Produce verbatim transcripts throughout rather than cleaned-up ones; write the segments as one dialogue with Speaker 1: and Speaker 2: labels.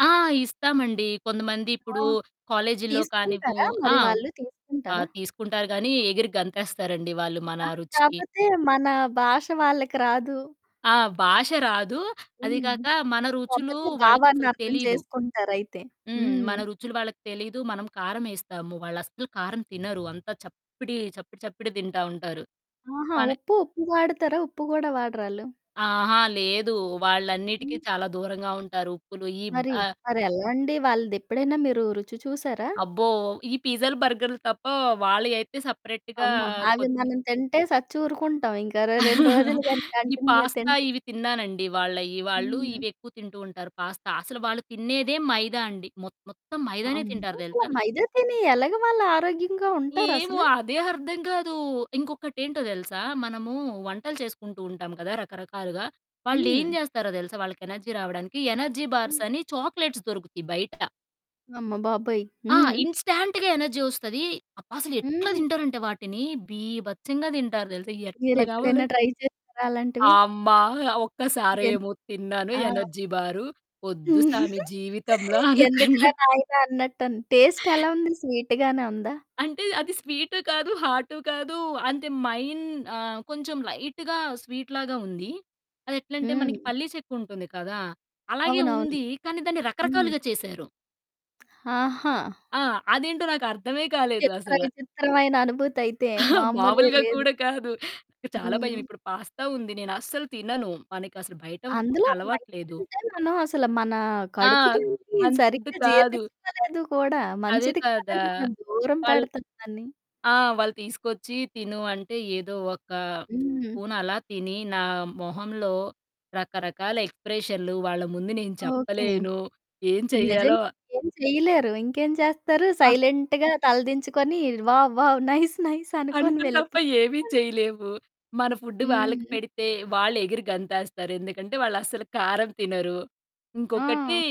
Speaker 1: ఆ! ఇస్తామండి. కొంతమంది
Speaker 2: ఆ!
Speaker 1: ఇప్పుడు కాలేజీలో కానివు
Speaker 2: తీసుకుంటారా
Speaker 1: ఆ!
Speaker 2: మరి వాళ్ళు
Speaker 1: ఆహ్,
Speaker 2: తీసుకుంటారా?
Speaker 1: తీసుకుంటారు గానీ, ఎగిరి గంతేస్తారండి వాళ్ళు మన
Speaker 2: ఆ!
Speaker 1: రుచికి.
Speaker 2: కాపోతే మన భాష వాళ్ళకి రాదు.
Speaker 1: ఆ! భాష రాదు. అది
Speaker 2: హ్మ్.
Speaker 1: కాక, మన రుచులు
Speaker 2: కాపోతే భావాన్ని
Speaker 1: వాళ్ళకసలు
Speaker 2: అర్థం
Speaker 1: తెలీదు.
Speaker 2: చేసుకుంటారయితే.
Speaker 1: హ్మ్.
Speaker 2: హ్మ్.
Speaker 1: మన రుచులు వాళ్ళకి తెలీదు. మనం కారమేస్తాము. వాళ్ళస్సలు కారం తినరు. అంతా చప్పిడి, చప్పిడి, చప్పిడె తింటా ఉంటారు.
Speaker 2: ఆహా!
Speaker 1: మన
Speaker 2: ఉప్పు, ఉప్పు వాడతారా? ఉప్పు కూడా వాడరా ఆళ్ళు?
Speaker 1: అహా! లేదు. వాళ్ళన్నిటికి
Speaker 2: హ్మ్.
Speaker 1: చాలా దూరంగా ఉంటారు. ఉప్పులు ఈబ్
Speaker 2: మరి,
Speaker 1: ఆ
Speaker 2: మరెలా అండి? వాళ్ళదెప్పుడైనా మీరు రుచి చూసారా?
Speaker 1: అబ్బో! ఈ పిజ్జాలు, బర్గర్‌లు తప్ప, వాళ్ళయయితే సెపరేట్‌గా
Speaker 2: అమ్మో! అవి
Speaker 1: కొద్ది
Speaker 2: మనం తింటే సచ్చి ఊరుకుంటాం ఇంక. రె రెండు రోజులు గాని
Speaker 1: ఈ
Speaker 2: కంటిన్యూ
Speaker 1: పాస్తా
Speaker 2: తింటే.
Speaker 1: ఇవి తిన్నానండి వాళ్ళయి. వాళ్ళు
Speaker 2: హ్మ్.
Speaker 1: ఇవెక్కువ తింటూ ఉంటారు పాస్తా. అసలు వాళ్ళు తినేదే మైదా అండి. మొత్ మొత్తం మైదానే తింటారు
Speaker 2: అమ్మో!
Speaker 1: తెలుసా?
Speaker 2: మైదా తిని ఎలాగా వాళ్ళు ఆరోగ్యంగా ఉంటారా
Speaker 1: ఏమో!
Speaker 2: అసలు?
Speaker 1: అదే అర్థం కాదు. ఇంకొకటేంటో తెలుసా? మనము వంటలు చేసుకుంటూంటాం కదా! రకరకాలుగా, వాళ్ళేం
Speaker 2: హ్మ్.
Speaker 1: జేస్తారో తెలుసా? వాళ్ళకి ఎనర్జీ రావడానికి, ఎనర్జీ బార్స్
Speaker 2: హ్మ్.
Speaker 1: అని చాక్లేట్స్ దొరుకుతాయి బయట.
Speaker 2: అమ్మ బాబోయ్!
Speaker 1: ఆ!
Speaker 2: హ్మ్.
Speaker 1: ఇన్స్‌టాంట్‌గా ఎనర్జీ ఒస్తది. అబ్బా! అసలెట్లా
Speaker 2: హుహు.
Speaker 1: తింటారంటే వాటిని, బీభత్సంగా తింటారు తెలుసా? ఎట్లా కావాలం
Speaker 2: మీరెప్పుడైనా ట్రై చేసారా అలాంటివి?
Speaker 1: అమ్మా!
Speaker 2: ఎంత్
Speaker 1: ఒక్కసారేమో తిన్నాను
Speaker 2: ఆ!
Speaker 1: ఎనర్జీ బారు, వద్దు సామి జీవితంలో
Speaker 2: ఎందుకురా
Speaker 1: అనుకున్నాను.
Speaker 2: నాయనా అన్నట్టన్ టేస్ట్ ఎలా ఉంది? స్వీట్ గానే ఉందా?
Speaker 1: అంటే అది స్వీటు కాదు, హాటు కాదు, అంటే మైన్ ఆహ్, కొంచెం లైట్‌గా స్వీట్‌ లాగా ఉంది, అదెట్లా అంటే మన
Speaker 2: హ్మ్.
Speaker 1: పల్లి చెక్కుంటుంది కదా! అలాగే
Speaker 2: అవునవును.
Speaker 1: ఉంది, కానీ దాన్ని
Speaker 2: హ్మ్.
Speaker 1: రకరకాలుగా చేశారు.
Speaker 2: ఆహా!
Speaker 1: ఆ! అదేంటో నాకర్థమే
Speaker 2: చిత్ర
Speaker 1: కాలేదసల.
Speaker 2: విచిత్రమైన అనుభూతి అయితే, మామూలుగా
Speaker 1: మామూలుగా
Speaker 2: లేదు!
Speaker 1: కూడా కాదు. నాకు చాలా భయం.
Speaker 2: హ్మ్.
Speaker 1: ఇప్పుడు పాస్తా ఉంది, నేనస్సలు తినను. మనకసలు బయట ఫుడ్డు
Speaker 2: అందులో
Speaker 1: అలవాటు
Speaker 2: మైదా
Speaker 1: లేదు.
Speaker 2: అంటే, మనం అసలు, మన
Speaker 1: ఆ!
Speaker 2: కడుపు దీన్ని
Speaker 1: మన ఫుడ్డు
Speaker 2: సరిగ్గా
Speaker 1: కాదు.
Speaker 2: జీర్ణించుకోలేదు కూడా,
Speaker 1: అదే
Speaker 2: మంచిది
Speaker 1: కదా!
Speaker 2: కాదని మనం దూరం
Speaker 1: వాళ్ళు
Speaker 2: పెడతాం దాన్ని.
Speaker 1: ఆ! వాళ్ళు తీసుకొచ్చి తిను అంటే, ఏదో ఒక
Speaker 2: హ్మ్.
Speaker 1: స్పూన్ అలా తిని నా మొహంలో రకరకాల ఎక్స్‌ప్రెషన్లు వాళ్ళ ముందు నేను
Speaker 2: ఓకే.
Speaker 1: చెప్పలేను. ఏం చెయ్యాలో
Speaker 2: నిజంగా ఏం చెయ్యలేరు. ఇంకేం చేస్తారు
Speaker 1: అ
Speaker 2: సైలెంట్‌గా తలదించుకొని వావ్! వావ్! నైస్! నైస్! అనుకోని
Speaker 1: అంతే తప్ప
Speaker 2: వెళ్ళిపోయారు.
Speaker 1: ఏమి చేయలేము. మన ఫుడ్డు వాళ్ళకి
Speaker 2: హ్మ్.
Speaker 1: పెడితే, వాళ్ళు ఎగిరి గంతేస్తారు ఎందుకంటే వాళ్ళస్సలు కారం తినరు. ఇంకొకటి
Speaker 2: ఆ!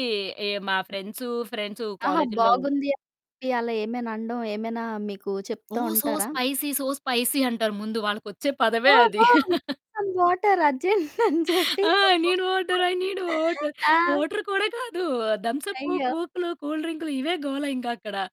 Speaker 1: ఎ మా ఫ్రెండ్సు, ఫ్రెండ్సు
Speaker 2: అహా!
Speaker 1: కాలేజీలో
Speaker 2: బాగుంది అని చెప్పి అలా ఏమైనా అనడం, ఏమైనా మీకు
Speaker 1: ఓ!
Speaker 2: చెప్తా
Speaker 1: సో
Speaker 2: ఉంటారా?
Speaker 1: స్పైసీ, సో స్పైసీ అంటారు ముందు, వాళ్ళకొచ్చే
Speaker 2: గో,
Speaker 1: పదమే అది.
Speaker 2: Go, bring some water urgent అని చెప్పి,
Speaker 1: ఆ! I need water, I need water,
Speaker 2: ఆ!
Speaker 1: వాటర్ కూడా కాదు. థంబ్స్ అప్,
Speaker 2: అయ్యో!
Speaker 1: కోక్లు, కూల్ డ్రింక్లు ఇవే గోల ఇంకా అక్కడ.